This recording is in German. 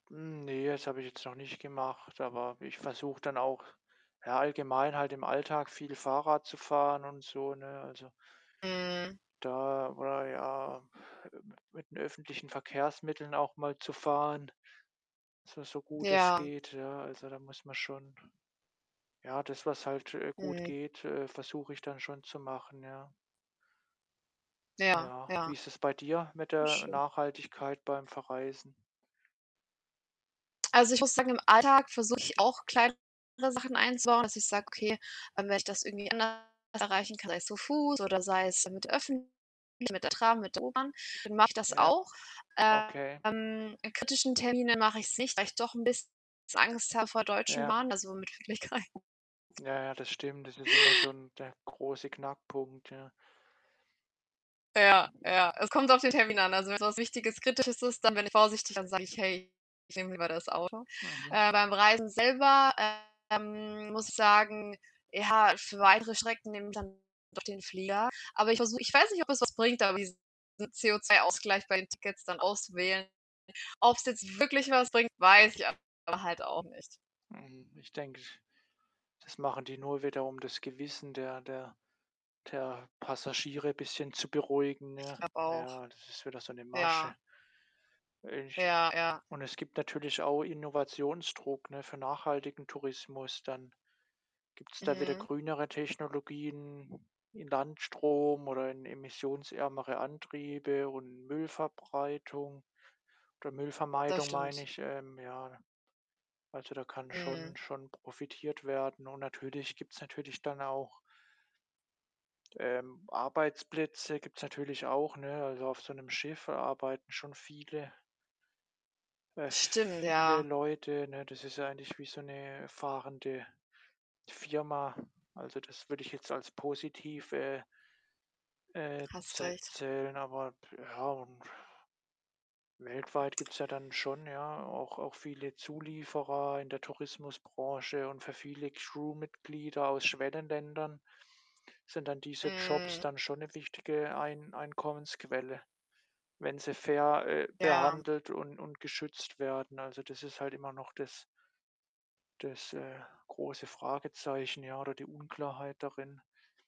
Hm, ne, das habe ich jetzt noch nicht gemacht, aber ich versuche dann auch, ja allgemein halt im Alltag viel Fahrrad zu fahren und so, ne? Also Mhm. da oder ja, ähm, mit den öffentlichen Verkehrsmitteln auch mal zu fahren, zwar so gut es Ja. geht, ja. Also da muss man schon ja, das, was halt, äh, gut Mhm. geht, äh, versuche ich dann schon zu machen, ja. Ja, Ja, ja. wie ist das bei dir mit Wie der schön. Nachhaltigkeit beim Verreisen? Also ich muss sagen, im Alltag versuche ich auch kleinere Sachen einzubauen, dass ich sage: „Okay, ähm, wenn ich das irgendwie anders erreichen kann, sei es zu Fuß oder sei es mit den Öffentlichen, mit der Tram, mit der U-Bahn, dann mache ich das Ja, auch.“ okay. Ähm, in kritischen Terminen mache ich’s nicht, weil ich doch ’n biss Angst habe vor Deutschen Ja. Bahn, also mit [unintelligible] Ja, ja, das stimmt, das ist immer so ’n der große Knackpunkt, ja. Ja, ja, es kommt auf den Termin an. Also wenn’s was Wichtiges, Kritisches ist, dann bin ich vorsichtiger dann sage ich: „Hey, ich nehme lieber das Auto.“ Mhm. Äh, beim Reisen selber, ähm, muss ich sagen, ja, für weitere Strecken nehme ich dann doch den Flieger. Aber ich versuch ich weiß nicht, ob es was bringt, aber diesen CO₂-Ausgleich bei den Tickets dann auswählen. Ob’s jetzt wirklich was bringt, weiß ich aber halt auch nicht. Mhm, ich denke ich das machen die nur wieder, um das Gewissen der der der Passagiere bisschen zu beruhigen, Ich ne? glaube auch. Ja, das ist wieder so ’ne Ja. Masche. Ich Ja, ja. und es gibt natürlich auch Innovationsdruck, ne, für nachhaltigen Tourismus dann. Gibt’s da wieder Mhm. grünere Technologien in Landstrom oder in emissionsärmere Antriebe und Müllverbreitung oder Das Müllvermeidung, meine stimmt. ich, ähm, ja. Also, da kann schon Mhm. schon profitiert werden und natürlich gibt’s natürlich dann auch ähm, Arbeitsplätze gibt’s natürlich auch, ne, also auf so ’nem Schiff arbeiten schon viele äh, Stimmt, viele ja. Leute, ne? Das ist ja eigentlich wie so ’ne fahrende Firma. Also, das würde ich jetzt als positiv, äh äh, Hast zä recht. zählen. Aber ja, und weltweit gibt’s ja dann schon, ja, auch auch viele Zulieferer in der Tourismusbranche und für viele Crew-Mitglieder aus Schwellenländern sind dann diese Jobs Mhm. dann schon ’ne wichtige Ein Einkommensquelle, wenn sie fair, äh, Ja. behandelt und und geschützt werden. Also, das ist halt immer noch das das, äh, große Fragezeichen, ja, oder die Unklarheit darin.